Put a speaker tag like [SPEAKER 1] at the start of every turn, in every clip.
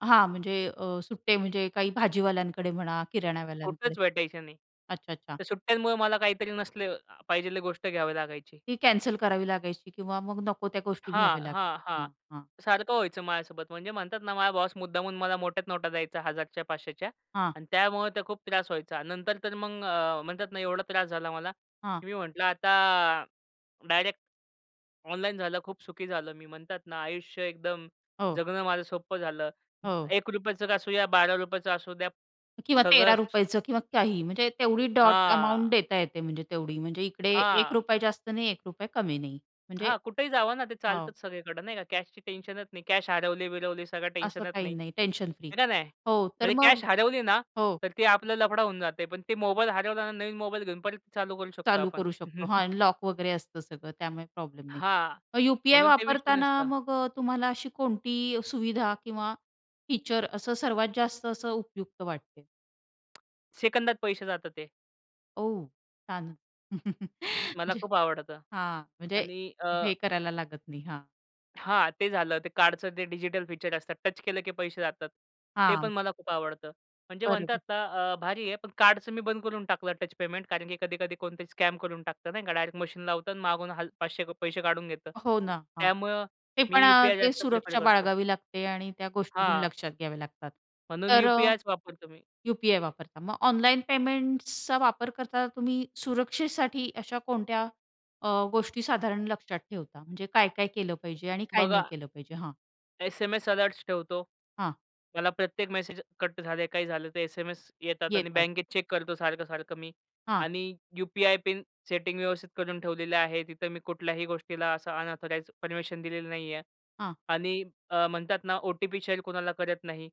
[SPEAKER 1] हां. म्हणजे अ, सुट्टे म्हणजे काही भाजीवाल्याकडे म्हणा, किराणवाल्यांकडे.
[SPEAKER 2] कुठंच भेटायचं नाही.
[SPEAKER 1] अच्छा, अच्छा.
[SPEAKER 2] तर सुट्ट्यांमुळे मला काहीतरी नसले पाहिजेली गोष्ट घ्यावी लागायची.
[SPEAKER 1] ती कॅन्सल करावी लागायची किंवा मग नको त्या गोष्टी
[SPEAKER 2] हां,
[SPEAKER 1] घ्याव्या
[SPEAKER 2] हां,
[SPEAKER 1] लागतील.
[SPEAKER 2] हां.
[SPEAKER 1] हां. हां.
[SPEAKER 2] सारखं व्हायचं माझ्यासोबत. म्हणजे म्हणतात ना, माझा बॉस मुद्दामहून मला मोठ्या नोटा द्यायचा, 1000च्या 500च्या
[SPEAKER 1] हां.
[SPEAKER 2] आणि त्यामुळे तो खूप त्रास व्हायचा. नंतर तर मग अ, म्हणतात ना, एवढा त्रास झाला मला.
[SPEAKER 1] हां.
[SPEAKER 2] मी म्हटलं, आता डायरेक्ट ऑनलाईन झालं, खूप सुखी झालो मी. म्हणतात ना, आयुष्य एकदम
[SPEAKER 1] हो.
[SPEAKER 2] जगणं माझं सोप्पं झालं,
[SPEAKER 1] हो.
[SPEAKER 2] ₹1चं असू द्या, ₹12चं असू द्या,
[SPEAKER 1] किंवा
[SPEAKER 2] सगळं
[SPEAKER 1] तेरा
[SPEAKER 2] स
[SPEAKER 1] रुपयाचं किंवा काही. म्हणजे तेवढी डॉट अमाउंट
[SPEAKER 2] हां.
[SPEAKER 1] देता येते म्हणजे तेवढी. म्हणजे इकडे एक
[SPEAKER 2] हां.
[SPEAKER 1] रुपया जास्त नाही, ₹1 कमी नाही. म्हणजे
[SPEAKER 2] हां, कुठेही जावं ना, ते
[SPEAKER 1] हो.
[SPEAKER 2] चालतंच सगळीकडे, नाही का? कॅशचं टेन्शनच नाही, कॅश हरवली-बिरवली, सगळं
[SPEAKER 1] असं
[SPEAKER 2] टेन्शनच
[SPEAKER 1] काही
[SPEAKER 2] नाही.
[SPEAKER 1] नाही टेन्शन फ्री.
[SPEAKER 2] हो का नाही?
[SPEAKER 1] हो. तर
[SPEAKER 2] म्हणजे
[SPEAKER 1] मग
[SPEAKER 2] कॅश हरवली ना,
[SPEAKER 1] हो.
[SPEAKER 2] तर तो आपला लफडा होऊन जातो. पण तो मोबाईल हरवला ना, नवीन मोबाईल घेऊन परत चालू करू शकतो
[SPEAKER 1] चालू
[SPEAKER 2] आपण.
[SPEAKER 1] करू शकतो, हां आणि लॉक वगैरे असतं सगळं त्यामुळे प्रॉब्लेम नाही.
[SPEAKER 2] हां,
[SPEAKER 1] मग यू-पी-आय
[SPEAKER 2] म्हणून ते विषय
[SPEAKER 1] वापरताना
[SPEAKER 2] नसतं.
[SPEAKER 1] मग अ, तुम्हाला अशी कोणती सुविधा किंवा फीचर असं सर्वात जास्त असं उपयुक्त वाटते.
[SPEAKER 2] सेकंदात पैसे जातात ते.
[SPEAKER 1] औ, छान.
[SPEAKER 2] मला
[SPEAKER 1] म्हणजे.
[SPEAKER 2] खूप आवडतं
[SPEAKER 1] हां, म्हणजे
[SPEAKER 2] आणि अ
[SPEAKER 1] हे करायला लागत नाही. हां.
[SPEAKER 2] हां, ते झालं. ते कार्डचं जे डिजिटल फीचर असतं, टच केलं की पैसे जातात. ते पण
[SPEAKER 1] हां.
[SPEAKER 2] मला खूप आवडतं. म्हणजे
[SPEAKER 1] बरोबर.
[SPEAKER 2] म्हणतात अ, भारी आहे, पण कार्डचं मी बंद करून टाकलं टच पेमेंट, कारण की कधी-कधी कोणीतरी स्कॅम करून टाकतं, नाही का? डायरेक्ट मशीन लावतं आणि मागून हल 500 पैसे काढून घेतं.
[SPEAKER 1] हो ना, हां.
[SPEAKER 2] त्यामुळे
[SPEAKER 1] ते पण
[SPEAKER 2] मी
[SPEAKER 1] अ,
[SPEAKER 2] यु-पी-आय
[SPEAKER 1] ते
[SPEAKER 2] जास्त प्रिफर
[SPEAKER 1] सुरक्षा
[SPEAKER 2] करतो.
[SPEAKER 1] बाळगावी लागते आणि त्या गोष्टी
[SPEAKER 2] हां.
[SPEAKER 1] लक्षात घ्याव्या लागतात.
[SPEAKER 2] म्हणून
[SPEAKER 1] तर अ,
[SPEAKER 2] यू-पी-आयच वापरतो मी.
[SPEAKER 1] यु-पी-आय वापरता. मग ऑनलाईन पेमेंट्सचा वापर करता तुम्ही सुरक्षेसाठी अशा कोणत्या अ, गोष्टी साधारण लक्षात ठेवता? म्हणजे काय-काय केलं पाहिजे आणि काय नाही
[SPEAKER 2] बघा
[SPEAKER 1] केलं पाहिजे? हां.
[SPEAKER 2] एस-एम-एस अलर्ट्स ठेवतो.
[SPEAKER 1] हां.
[SPEAKER 2] मला प्रत्येक मेसेज कट झाले, काही झालं, तर एस-एम-एस येतात आणि
[SPEAKER 1] येतात.
[SPEAKER 2] बँकेत चेक करतो सारखं-सारखं मी.
[SPEAKER 1] हां.
[SPEAKER 2] आणि यु-पी-आय पिन सेटिंग व्यवस्थित करून ठेवलेली आहे, तिथं मी कुठल्याही गोष्टीला असं अनअथॉराइज्ड परमिशन दिलेलं नाही आहे
[SPEAKER 1] हां.
[SPEAKER 2] आणि अ, म्हणतात ना ओ-टी-पी शेअर कुणाला करत नाही.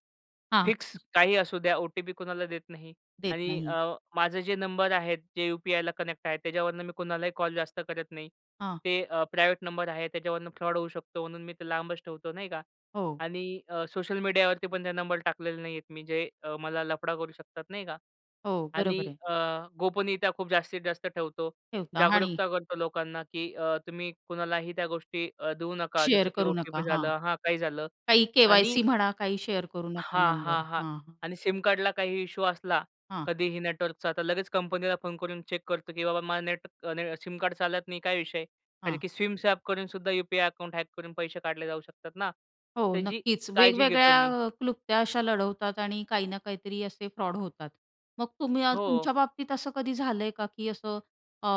[SPEAKER 1] हां.
[SPEAKER 2] फिक्स
[SPEAKER 1] [unintelligible]
[SPEAKER 2] काही असू द्या ओ-टी-पी कोणाला देत नाही
[SPEAKER 1] देत
[SPEAKER 2] आणि अ,
[SPEAKER 1] नाही.
[SPEAKER 2] माझे जे नंबर आहेत जे यु-पी-आयला कनेक्ट आहेत त्याच्यावरनं मी कुणालाही कॉल जास्त करत नाही.
[SPEAKER 1] हां.
[SPEAKER 2] ते अ, प्रायव्हेट नंबर आहेत, त्याच्यावरून फ्रॉड होऊ शकतो म्हणून मी ते लांबच ठेवतो, नाही का?
[SPEAKER 1] हो.
[SPEAKER 2] आणि अ, सोशल मीडियावरती पण ते नंबर टाकलेले नाही आहेत मी जे मला अ, लफडा करू शकतात नाही का?
[SPEAKER 1] हो.
[SPEAKER 2] आणि
[SPEAKER 1] बरोबर आहे.
[SPEAKER 2] अ, गोपनीयता खूप जास्तीत जास्त ठेवतो.
[SPEAKER 1] ठेवता आणि?
[SPEAKER 2] जागरूकता करतो लोकांना की अ, तुम्ही कुणालाही त्या गोष्टी अ, देऊ नका,
[SPEAKER 1] शेअर
[SPEAKER 2] जसं की
[SPEAKER 1] करू नका,
[SPEAKER 2] ओ-टी-पी झाल
[SPEAKER 1] हां.
[SPEAKER 2] हां. काही झालं.
[SPEAKER 1] काही
[SPEAKER 2] आणि
[SPEAKER 1] के-वाय-सी म्हणा काही शेअर करू नका
[SPEAKER 2] हां,
[SPEAKER 1] नंबर,
[SPEAKER 2] हां, हां.
[SPEAKER 1] हां.
[SPEAKER 2] आणि सिम कार्डला काही इश्यू असला
[SPEAKER 1] हां.
[SPEAKER 2] कधीही नेटवर्कचा, तर लगेच कंपनीला फोन करून चेक करतो की बाबा, माझा नेटने सिम कार्ड चालत नाही, काय विषय? कारण
[SPEAKER 1] हां.
[SPEAKER 2] की सिम स्वॅप करून सुद्धा यु-पी-आय अकाउंट हॅक करून पैसे काढले जाऊ शकतात ना.
[SPEAKER 1] हो.
[SPEAKER 2] त्याची
[SPEAKER 1] नक्कीच.
[SPEAKER 2] काळजी घेतो
[SPEAKER 1] वेगवेगळ्या
[SPEAKER 2] मी.
[SPEAKER 1] अ, क्लुप्त्या अशा लढवतात आणि काही ना काहीतरी असे फ्रॉड होतात. मग तुम्ही अ,
[SPEAKER 2] हो.
[SPEAKER 1] तुमच्याबाबतीत असं कधी झालं आहे का की असं अ,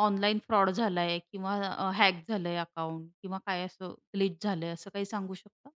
[SPEAKER 1] ऑनलाईन फ्रॉड झाला आहे किंवा अ, हॅक झालं आहे अकाउंट किंवा काय असं ग्लीच झालं आहे, असं काही सांगू शकता?